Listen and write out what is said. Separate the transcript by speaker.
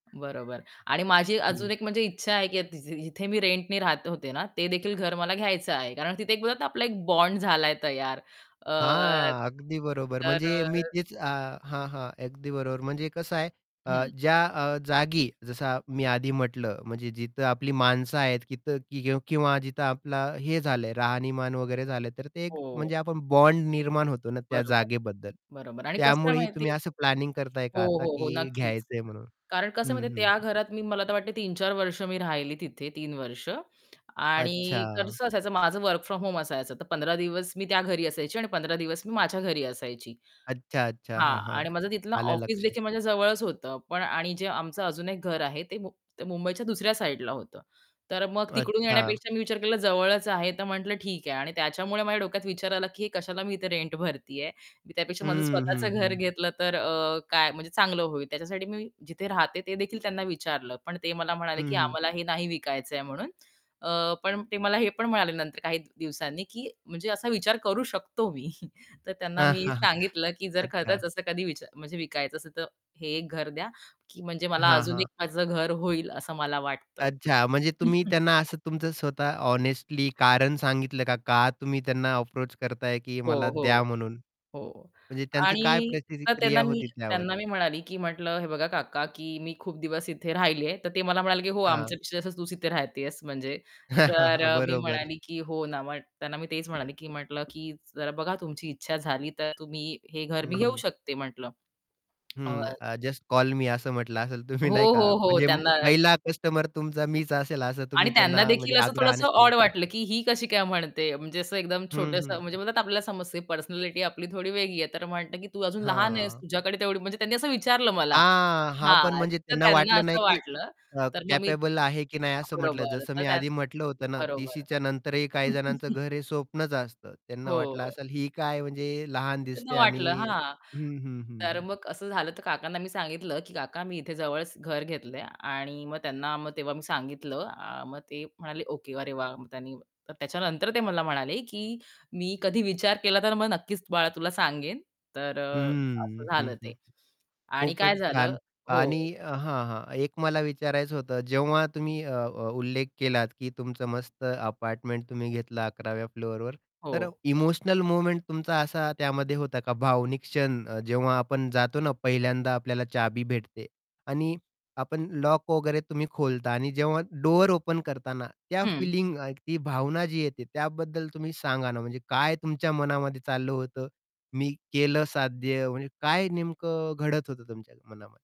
Speaker 1: बरोबर. आणि माझी अजून
Speaker 2: हं.
Speaker 1: 1 म्हणजे इच्छा आहे, की तीजी जिथे मी रेंटनी राहत होते ना, ते देखील घर मला घ्यायचं आहे. कारण तिथे बोलत ना, आपला एक बॉन्ड झालाय तयार. अ,
Speaker 2: हां, अगदी बरोबर.
Speaker 1: तर
Speaker 2: म्हणजे मी
Speaker 1: अ
Speaker 2: तेच अ हां, हां, अगदी बरोबर. म्हणजे कसं आहे अ,
Speaker 1: हं.
Speaker 2: ज्या अ, जागी जसं मी आधी म्हटलं, म्हणजे जिथं आपली माणसं आहेत तिथं किं किंवा जिथं आपलं हे झालं आहे, राहणीमान वगैरे झालं, तर ते एक
Speaker 1: हो.
Speaker 2: म्हणजे आपण बॉन्ड निर्माण होतो ना, त्या
Speaker 1: बरोबर.
Speaker 2: जागेबद्दल.
Speaker 1: बरोबर. आणि कसं आहे
Speaker 2: त्यामुळेही
Speaker 1: माहिती
Speaker 2: तुम्ही असं प्लॅनिंग करताय
Speaker 1: हो,
Speaker 2: का आता,
Speaker 1: हो, हो,
Speaker 2: की
Speaker 1: नक्कीच.
Speaker 2: घ्यायचं आहे म्हणून?
Speaker 1: कारण कसं
Speaker 2: हं,
Speaker 1: म्हणजे
Speaker 2: हं,
Speaker 1: त्या
Speaker 2: हं.
Speaker 1: घरात मी, मला तर वाटते, 3-4 वर्षं मी राहिली तिथे. 3 वर्षं. आणि
Speaker 2: अच्छा.
Speaker 1: कसं असायचं, माझं वर्क फ्रॉम होम असायचं. तर 15 दिवस मी त्या घरी असायची आणि 15 दिवस मी माझ्या घरी असायची.
Speaker 2: अच्छा, अच्छा.
Speaker 1: हां.
Speaker 2: हां, हां.
Speaker 1: आणि माझं तिथलं
Speaker 2: आलं लक्षात.
Speaker 1: ऑफिसदेखील माझ्या जवळच होतं, पण आणि जे आमचं अजून 1 घर आहे, ते मुं ते मुंबईच्या दुसऱ्या साईडला होतं. तर मग तिकडून
Speaker 2: अच्छा.
Speaker 1: येण्यापेक्षा मी विचार केला, जवळच आहे, तर म्हटलं ठीक आहे. आणि त्याच्यामुळे माझ्या डोक्यात विचार आला, की हे कशाला मी इथे रेंट भरते आहे. मी त्यापेक्षा माझं
Speaker 2: हं, हं,
Speaker 1: स्वतःचं घर
Speaker 2: हं.
Speaker 1: घेतलं तर अ, काय म्हणजे चांगलं होईल. त्याच्यासाठी मी जिथे राहते, ते देखील त्यांना विचारलं, पण ते मला म्हणाले, की
Speaker 2: हं.
Speaker 1: "आम्हाला हे नाही विकायचं आहे" म्हणून. अ, पण ते मला हे पण म्हणाले नंतर काही दिवसांनी, की म्हणजे "असा विचार करू शकतो मी." तर त्यांना
Speaker 2: हां,
Speaker 1: मी
Speaker 2: हां.
Speaker 1: सांगितलं, की जर खरंच
Speaker 2: अच्छा.
Speaker 1: असं कधी विचार म्हणजे विकायचं असेल, तर हे घर द्या, की म्हणजे मला
Speaker 2: हां,
Speaker 1: अजून
Speaker 2: हां.
Speaker 1: 1 माझं घर होईल, असं मला वाटतं.
Speaker 2: अच्छा. म्हणजे तुम्ही त्यांना असं तुमचं स्वतःचं हॉनेस्टली कारण सांगितलं का? का तुम्ही त्यांना अप्रोच करताय, की
Speaker 1: हो,
Speaker 2: मला द्या
Speaker 1: हो.
Speaker 2: म्हणून?
Speaker 1: हो
Speaker 2: म्हणजे त्यांची काय
Speaker 1: आणि तर त्यांना
Speaker 2: प्रतिक्रिया
Speaker 1: मी
Speaker 2: होती त्यावर?
Speaker 1: त्यांना मी म्हणाले, की म्हटलं, "हे बघा काका, की मी खूप दिवस इथे राहिले आहे." तर ते मला म्हणाले, की "हो,
Speaker 2: हां.
Speaker 1: आमच्यापेक्षा जास्त तूच इथे राहते आहेस." म्हणजे. तर अ, मी
Speaker 2: बरोबर.
Speaker 1: म्हणाले, की "हो ना." मग त्यांना मी तेच म्हणाले, की म्हटलं, "जरा बघा, तुमची इच्छा झाली, तर तुम्ही हे घर मी
Speaker 2: हं,
Speaker 1: घेऊ
Speaker 2: हं.
Speaker 1: शकते," म्हटलं. अ
Speaker 2: हं, अ, जस्ट कॉल मी असं म्हंटलं असेल तुम्ही
Speaker 1: हो,
Speaker 2: नाही का?
Speaker 1: हो, हो
Speaker 2: म्हणजे
Speaker 1: त्यांना
Speaker 2: पहिला कस्टमर तुमचा मीच असेल, असं
Speaker 1: आणि
Speaker 2: तुम्ही
Speaker 1: त्यांना
Speaker 2: त्यांना म्हणजे
Speaker 1: देखील असं
Speaker 2: आग्रहाने
Speaker 1: थोडंसं ऑड
Speaker 2: सांगितलं.
Speaker 1: वाटलं, की ही कशी काय म्हणते? म्हणजे असं एकदम
Speaker 2: हं,
Speaker 1: छोटंसं
Speaker 2: हं.
Speaker 1: म्हणजे आपल्याला समजते पर्सनॅलिटी आपली थोडी वेगळी आहे. तर म्हणतं, की "तू अजून लहान आहेस,
Speaker 2: हां.
Speaker 1: तुझ्याकडे तेवढी" म्हणजे त्यांनी असं विचारलं मला
Speaker 2: हां. हां, पण
Speaker 1: हां.
Speaker 2: म्हणजे
Speaker 1: तर
Speaker 2: त्यांना
Speaker 1: त्यांना
Speaker 2: वाटलं नाही,
Speaker 1: असं
Speaker 2: की
Speaker 1: वाटलं.
Speaker 2: अ,
Speaker 1: तर मग मी
Speaker 2: कॅपेबल आहे की नाही, असं म्हंटलं.
Speaker 1: बरोबर.
Speaker 2: जसं
Speaker 1: तर
Speaker 2: मी आधी
Speaker 1: त्यांना
Speaker 2: म्हटलं होतं ना,
Speaker 1: बरोबर.
Speaker 2: 30शीच्या नंतरही काही जणांचं घर हे स्वप्नच असतं. त्यांना वाटलं
Speaker 1: हो.
Speaker 2: असेल, ही काय म्हणजे लहान
Speaker 1: असं त्यांना
Speaker 2: दिसते आणि
Speaker 1: वाटलं, हां.
Speaker 2: हं, हं, हं,
Speaker 1: तर
Speaker 2: हं.
Speaker 1: मग असं झालं. तर काकांना मी सांगितलं, की "काका, मी इथे जवळच घर घेतलं आहे." आणि मग त्यांना मग तेव्हा मी सांगितलं अ, मग ते म्हणाले, "ओके. अरे वाह!" मग त्यांनी तर त्याच्यानंतर ते मला म्हणाले, की "मी कधी विचार केला, तर मग नक्कीच बाळा तुला सांगेन." तर अ, असं
Speaker 2: हम्म. हं,
Speaker 1: झालं
Speaker 2: हं,
Speaker 1: ते.
Speaker 2: हं.
Speaker 1: आणि
Speaker 2: खूपच
Speaker 1: काय झालं
Speaker 2: छान. आणि
Speaker 1: हो.
Speaker 2: अ, हां, हां. एक मला विचारायचं होतं, जेव्हा तुम्ही अ अ, उल्लेख केलात, की तुमचं मस्त अपार्टमेंट तुम्ही घेतलं 11व्या फ्लोरवर. तर
Speaker 1: हो.
Speaker 2: इमोशनल मोमेंट तुमचा असा त्यामध्ये होता का? भावनिक क्षण अ, जेव्हा आपण जातो ना, पहिल्यांदा आपल्याला चावी भेटते. आणि आपण लॉक वगैरे तुम्ही खोलता आणि जेव्हा डोर ओपन करताना, त्या
Speaker 1: हं.
Speaker 2: फीलिंग, ती भावना जी येते, त्याबद्दल तुम्ही सांगा ना. म्हणजे काय तुमच्या मनामध्ये चाललं होतं? "मी केलं साध्य." म्हणजे काय नेमकं घडत होतं तुमच्या मनामध्ये?